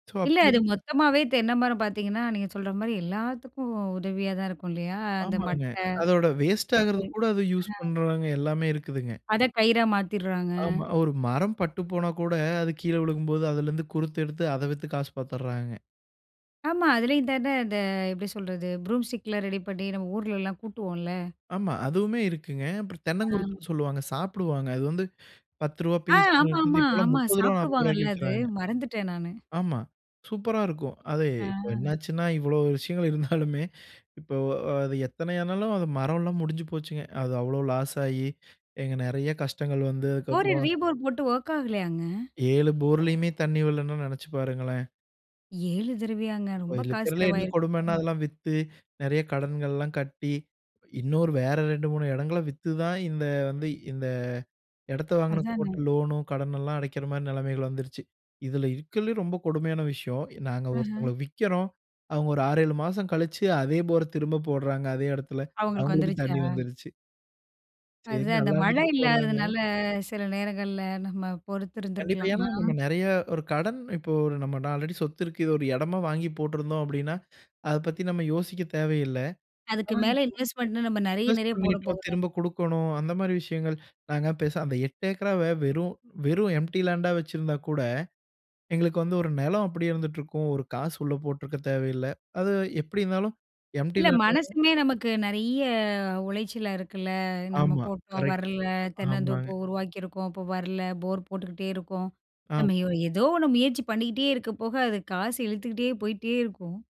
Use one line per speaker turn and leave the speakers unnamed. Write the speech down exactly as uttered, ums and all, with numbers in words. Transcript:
So,
இல்ல, அது
அப்போது
மொத்தமாவே தென்னை மரம் பார்த்தீங்கன்னா, நீங்க சொல்ற மாரி எல்லாத்துக்கும் உதவியா தான் இருக்கும் இல்லையா? அந்த
ஆமாங்க.
மட்டை
அதோட வேஸ்டாகுறது கூட, அத யூஸ்
[unintelligible] அ.
பண்ணுறாங்க எல்லாமே இருக்குதுங்க.
அத கயிறா மாத்திர்றாங்க.
ஆமா. ஒரு மரம் பட்டு போனாக்கூட, அது கீழ விழுகும்போது, அதுலருந்து குருத்து எடுத்து அத வித்து காசு பாத்தர்றாங்க.
ஆமா. அதுலயும் தான இந்த எப்படி சொல்றது? ப்ரூம் ஸ்டிக்லாம் ரெடி பண்ணி, நம்ம ஊர்லலாம் கூட்டுவோம்ல்ல?
ஆமா. அதுவுமே இருக்குங்க. அப்பறம்
ஆம்.
தென்னங்குருத்துன்னு சொல்வாங்க. சாப்பிடுவாங்க. அது வந்து பத்து ரூவா
ஆ
பீஸ்ன்னு
ஆமா
இருந்தது.
ஆமா.
இப்பெல்லாம்
ஆமா,
முப்பது ரூவா, நாப்பது
சாப்பிடுவாங்கல்ல
ரூவாய்க்கு
அது.
விக்கிறாங்க.
மறந்துட்டேன் நானு.
ஆமா, சூப்பரா இருக்கும். அது
ஆ.
இப்ப என்னாச்சுன்னா, இவ்வளோ விஷயங்கள் இருந்தாலுமே, இப்ப அது எத்தனை ஆனாலும், அது மரம் எல்லாம் முடிஞ்சு போச்சுங்க. அது அவ்வளோ லாஸாயி இங்க நெறைய கஷ்டங்கள் வந்து,
போர,
அதுக்கப்புறம்
ரீபோர் போட்டும் ஒர்க் ஆகலையாங்க?
ஏழு போர்லயுமே தண்ணி வரலன்னா நெனைச்சு பாருங்களேன்!
ஏழு தடவையாங்க?
இப்ப
ரொம்ப
இதுல
காசு
இருக்கிறதுல்லே என்ன
செலவாயிருக்குமே?
கொடுமைன்னா, அதெல்லாம் வித்து, நெறைய கடன்கள்லாம் கட்டி இன்னொரு வேற ரெண்டு, மூணு இடங்கள வித்து தான் இந்த வந்து இந்த இடத்தை வாங்குனதுக்கு போட்ட
அதானே.
லோனோ, கடனெல்லாம் அடைக்கிற மாரி நெலைமைகள் வந்துடுச்சு. இதுல இருக்கிறதுலே ரொம்ப கொடுமையான விஷயம், நாங்க
அஹ.
ஒருத்தவங்கள விக்கிறோம், அவங்க ஒரு ஆறு, ஏழு மாசம் கழிச்சு, அதே போர திரும்ப போடுறாங்க அதே இடத்துல,
அவங்களுக்கு
அவங்களுக்கு
வந்துருச்சா?
தண்ணி வந்துருச்சு. சரி!
அதுதான். அந்த
நல்லா
மழை
இருந்துட்டு போறாங்க!
இல்லாததுனால, சில நேரங்கள்ல நம்ம
கண்டிப்பா.
பொறுத்திருந்துருக்கலாம்.
ஏன்னா
ஆ.
நம்ம நெறைய ஒரு கடன் இப்போ ஒரு நம்ம நா ஆல்ரெடி சொத்து இருக்கு, இது ஒரு இடமா வாங்கி போட்டிருந்தோம் அப்படின்னா, அத பத்தி நம்ம யோசிக்க தேவையில்லை.
அதுக்கு
ஆனா,
மேல
இப்போ
இன்வெஸ்ட்மென்ட்ன்னு நம்ம நெறைய
இன்வெஸ்ட்
நெறைய போட
பண்ணிட்டோம்,
போகுதான்
திரும்ப குடுக்கணும் அந்த மாரி விஷயங்கள். நாங்க பேசா அந்த எட்டு ஏக்கராவே வெறும் வெறும் எம்ப்டி லேண்டா வச்சிருந்தாக்கூட, எங்களுக்கு வந்து ஒரு நெலம் அப்டியே இருந்துட்டுருக்கும். ஒரு காசு உள்ள போட்டிருக்கத் தேவையில்லை. அது எப்படி இருந்தாலும் எம்ப்டி
இல்ல,
லேண்ட் [unintelligible]
மனசுமே நமக்கு நெறைய உளைச்சலா இருக்குல்ல? நம்ம
ஆமா.
போட்டோம்
கரெக்ட்,
வரலை. தென்னந்தோப்பு
ஆமாங்க.
உருவாக்கியிருக்கோம், அப்போ வரல. போர் போட்டுக்கிட்டே இருக்கோம். நம்ம
ஆம்.
எ ஓ ஏதோ ஒண்ணு முயற்சி பண்ணிட்டே இருக்க போக, அது காசு இழுத்துக்கிட்டே போயிட்டே இருக்கும்.